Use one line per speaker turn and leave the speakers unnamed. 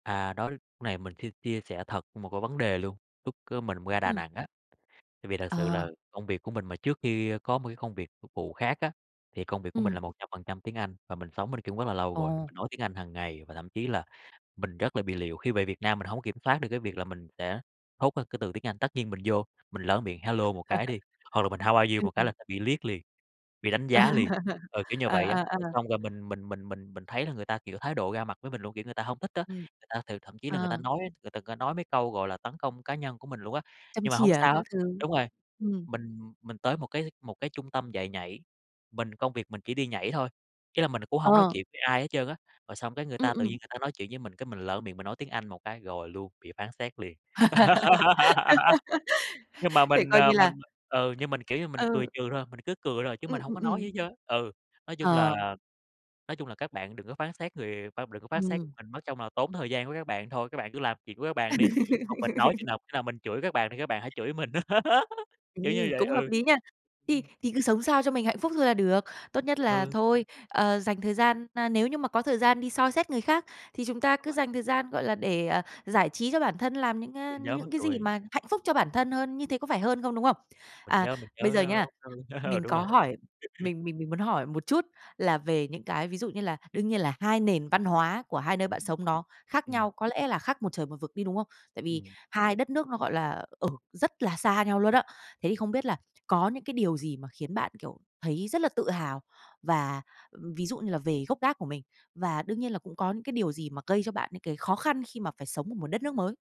À, đó, lúc này mình xin chia sẻ thật một cái vấn đề luôn, lúc, ơ, mình ra Đà
Ừm.
Nẵng á, tại vì thật sự
Ờ.
là công việc của mình mà trước khi có một cái công việc phục vụ khác á, thì công việc của mình là
Ừm.
100% tiếng Anh và mình sống bên kia rất là lâu rồi,
Ồ.
mình nói tiếng Anh hàng ngày và thậm chí là mình rất là bị liệu. Khi về Việt Nam mình hông kiểm soát được cái việc là mình sẽ thốt ra cái từ tiếng Anh. Tất nhiên mình vô, mình lỡ miệng "hello" một cái đi, hoặc là mình "how are you?"
Ừm,
một cái
ừm.
là sẽ bị liếc liền, bị đánh
À,
giá liền, ờ, kiểu như là
à,
vậy á.
à,
Rồi
à.
xong rồi mình mình mình mình mình thấy là người ta, kiểu, thái độ ra mặt với mình luôn, kiểu, người ta hông thích á.
Ừm.
Người ta thì thậm chí là người ta
Ờ.
nói á, người ta có nói mấy câu, gọi là, tấn công cá nhân của mình luôn á.
Châm
Nhưng mà hổng
chỉa
sao
các
hết
thứ.
đúng rồi,
Ừm.
mình mình tới một cái một cái trung tâm dạy nhảy, mình công việc mình chỉ đi nhảy thôi, ý là mình cũng hông nói
Ờ.
chuyện với ai hết trơn á, rồi xong cái người
Ừm,
ta tự nhiên
ừm.
người ta nói chuyện với mình cái mình lỡ miệng mình nói tiếng Anh một cái, rồi luôn, bị phán xét liền. Nhưng mà
Thể
mình,
coi
à,
như là
mình, à ừ, nhưng mình, kiểu như, mình cười
Ừ.
trừ thôi, mình cứ cười thôi chứ mình
Ừm,
hổng
ừm,
có nói gì
ừm.
hết trơn á, ừ. Nói chung
Ờ.
là nói chung là các bạn đừng có phán xét người khoan mình đừng có phát xét
Ừm.
mình, mất trông là tốn thời gian của các bạn thôi, các bạn cứ làm chuyện của các bạn đi, còn mình nói chừng nào, khi nào mình chửi các bạn thì các bạn hãy chửi mình á, kiểu như
Ừm,
vậy,
cũng hợp
ừ.
lý nha. Thì
Ừm.
thì cứ sống sao cho mình hạnh phúc thôi là được. Tốt nhất là
Ừ.
thôi, ờ, dành thời gian a, nếu như mà có thời gian đi soi xét người khác, thì chúng ta
Đúng
cứ
rồi.
dành thời gian, gọi là, để, ờ, giải trí cho bản thân, làm những, a,
Mình nhớ
những
mắc
cái gì
cười.
mà hạnh phúc cho bản thân hơn, như thế có phải hơn không, đúng không?
Mình
À,
nhớ, mình
bây
nhớ,
giờ
a,
nha,
bức thư, ờ,
mình
đúng
có
rồi.
hỏi, mình mình mình muốn hỏi một chút là về những cái ví dụ như là đương nhiên là 2 nền văn hóa của 2 nơi bạn sống nó khác
Ừm.
nhau, có lẽ là khác một trời một vực đi, đúng không? Tại vì
Ừm.
2 đất nước nó, gọi là, ở rất là xa nhau luôn á. Thế thì không biết là có những cái điều gì mà khiến bạn, kiểu, thấy rất là tự hào và, ừm, ví dụ như là về gốc gác của mình? Và đương nhiên là cũng có những cái điều gì mà gây cho bạn những cái khó khăn khi mà phải sống ở một đất nước mới?